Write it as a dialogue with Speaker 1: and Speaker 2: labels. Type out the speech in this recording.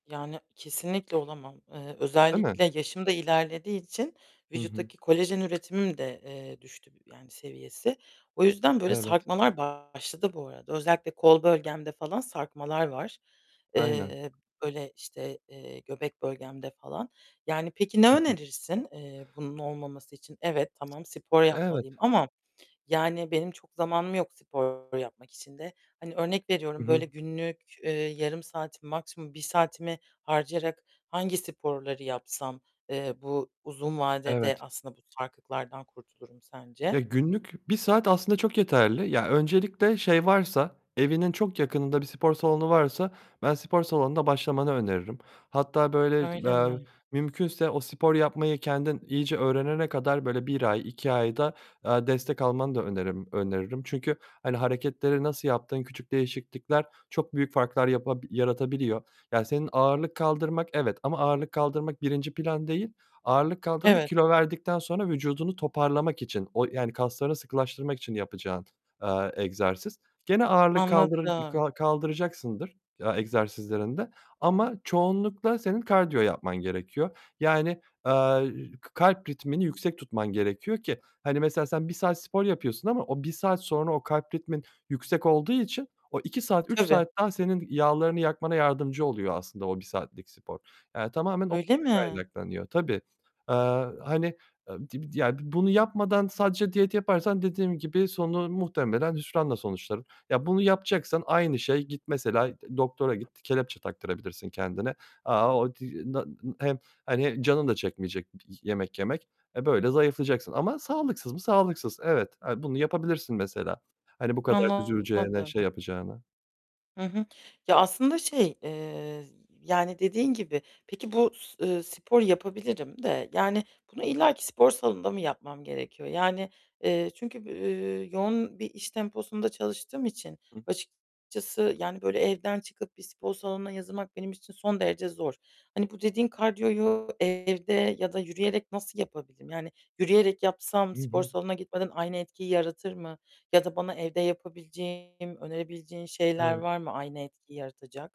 Speaker 1: Yani kesinlikle olamam. Eee,
Speaker 2: Değil mi?
Speaker 1: özellikle yaşım da ilerlediği için
Speaker 2: Hı hı.
Speaker 1: vücuttaki kolajen üretimim de, eee, düştü yani, seviyesi. O yüzden böyle
Speaker 2: Evet.
Speaker 1: sarkmalar başladı bu arada. Özellikle kol bölgemde falan sarkmalar var.
Speaker 2: Aynen.
Speaker 1: Eee, böyle, işte, eee, göbek bölgemde falan. Yani, peki
Speaker 2: Hı
Speaker 1: ne
Speaker 2: hı.
Speaker 1: önerirsin, eee, bunun olmaması için? Evet, tamam, spor
Speaker 2: Evet.
Speaker 1: yapmalıyım ama yani benim çok zamanım yok spor yapmak için de. Hani, örnek
Speaker 2: Hı
Speaker 1: veriyorum,
Speaker 2: hı.
Speaker 1: böyle günlük, eee, yarım saatimi, maksimum 1 saatimi harcayarak hangi sporları yapsam, eee, bu uzun vadede
Speaker 2: Evet.
Speaker 1: aslında bu sarkıklardan kurtulurum sence?
Speaker 2: Ya, günlük bir saat aslında çok yeterli. Ya, öncelikle şey varsa, evinin çok yakınında bir spor salonu varsa ben spor salonunda başlamanı öneririm. Hatta böyle
Speaker 1: Öyle
Speaker 2: eee,
Speaker 1: mi?
Speaker 2: mümkünse o spor yapmayı kendin iyice öğrenene kadar böyle 1 ay, 2 ay da, eee, destek almanı da önerim öneririm. Çünkü, hani, hareketleri nasıl yaptığın, küçük değişiklikler çok büyük farklar yapa yaratabiliyor. Yani senin ağırlık kaldırmak evet, ama ağırlık kaldırmak, 1'nci plan değil. Ağırlık kaldırma,
Speaker 1: Evet.
Speaker 2: kilo verdikten sonra vücudunu toparlamak için. O yani kaslarını sıkılaştırmak için yapacağın, eee, egzersiz. Gene ağırlık kaldırır
Speaker 1: Anladım.
Speaker 2: kaldıracaksındır, ya, egzersizlerinde ama çoğunlukla senin kardiyo yapman gerekiyor. Yani, eee, k kalp ritmini yüksek tutman gerekiyor ki, hani, mesela sen 1 saat spor yapıyorsun ama o 1 saat sonra o kalp ritmin yüksek olduğu için o 2 saat, 3
Speaker 1: Tabii.
Speaker 2: saat daha senin yağlarını yakmana yardımcı oluyor aslında o 1 saatlik spor. Yani tamamen ondan
Speaker 1: Öyle mi?
Speaker 2: kaynaklanıyor. Tabii. Eee, hani, eee, [unintelligible] ya, bi bunu yapmadan sadece diyet yaparsan dediğim gibi sonu muhtemelen hüsranla sonuçlanır. Ya, bunu yapacaksan aynı şey. Git mesela doktora, git, kelepçe taktırabilirsin kendine. Aaa, [unintelligible] hem, hani, canın da çekmeyecek yemek yemek. E, böyle zayıflayacaksın ama sağlıksız mı? Sağlıksız. Evet, eee, bunu yapabilirsin mesela. Hani bu kadar üzüleceğine,
Speaker 1: Anlamadım.
Speaker 2: şey yapacağına.
Speaker 1: Hı hı. Ya, aslında şey, eee, yani dediğin gibi. Peki, bu s, ııı, sporu yapabilirim de yani bunu illaki spor salonunda mı yapmam gerekiyor? Yani, eee, çünkü, eee, yoğun bir iş temposunda çalıştığım için
Speaker 2: [unintelligible]
Speaker 1: açıkçası, yani böyle evden çıkıp bir spor salonuna yazılmak benim için son derece zor. Hani, bu dediğin kardiyoyu evde ya da yürüyerek nasıl yapabilirim? Yani, yürüyerek yapsam
Speaker 2: Hı
Speaker 1: spor
Speaker 2: hı.
Speaker 1: salonuna gitmeden aynı etkiyi yaratır mı? Ya da bana evde yapabileceğim, önerebileceğin şeyler
Speaker 2: Evet.
Speaker 1: var mı aynı etkiyi yaratacak?